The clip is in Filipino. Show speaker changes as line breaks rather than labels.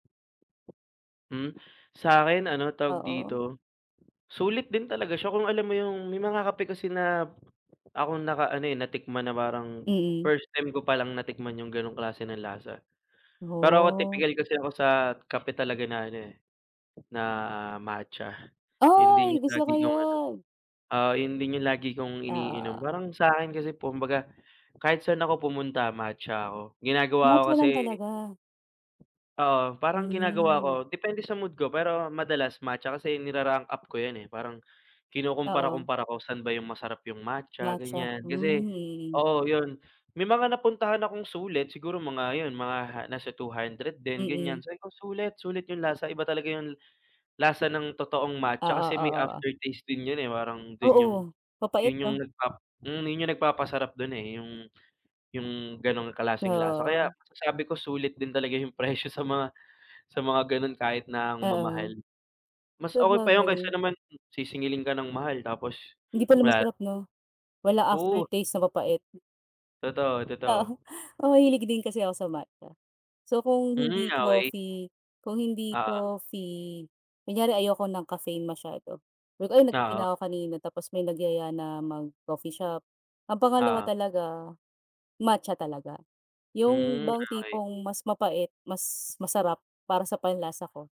Hmm, sa akin ano tawag
Oo.
dito, sulit din talaga siya kung alam mo yung may mga kape kasi na akong naka ano, eh, natikman na parang
Mm.
first time ko pa lang natikman yung ganong klase ng lasa. Pero ako
Oh.
tipikal kasi ako sa kape talaga na ano, eh, na matcha, yun din
Ay,
yung
gusto
lagi
ko
kong ano,
yun.
oo, yun din yung lagi kong
Ah,
iniinom,
oo, oo.
parang sa'kin kasi kumbaga kahit saan ako pumunta matcha ako, ginagawa ko
Matcha lang
kasi
talaga?
Oo, parang ginagawa ko
Hmm.
depende sa mood ko pero madalas matcha kasi nira-rank up ko yan, eh, parang
Oo.
kinukumpara-kumpara ko saan ba yung masarap yung matcha
Matcha,
ganiyan,
hmm,
kasi
yey.
oo yun, may mga napuntahan akong sulit siguro mga yun mga nasa 200 din ganiyan
Mm.
sabi ko, "Sulit, sulit yung lasa," iba talaga yung lasa ng totoong matcha
Oo,
kasi may
oo, oh.
aftertaste din yun, eh, parang dun yung
Oo, mapait
yun yung
no?
nagpap hmm yun yung nagpapasarap dun, eh, yung yung ganong
Oo,
klaseng lasa. Kaya
oh.
masasabi ko, sulit din talaga yung presyo sa mga sa mga ganun kahit na ang
Oo,
mamahal. Mas okey pa yun kaysa
sabagay.
naman sisingilin ka ng mahal, tapos
Hindi pala
wala
masarap no, wala
Oo.
aftertaste na mapait.
Totoo, totoo.
Oo, oo hilig din kasi ako sa matcha. So kung
Hmm,
hindi
okey.
coffee kung hindi
Oo.
coffee kunyari ayoko ng caffeine masyado, sabi ko, "Ay nagkape
Oo.
na ako kanina," tapos may nagyaya na mag coffee shop, ang pangalawa
Oo.
talaga, matcha talaga, yung
Hmm,
bang
okey.
tipong mas mapait, mas masarap, para sa panlasa ko.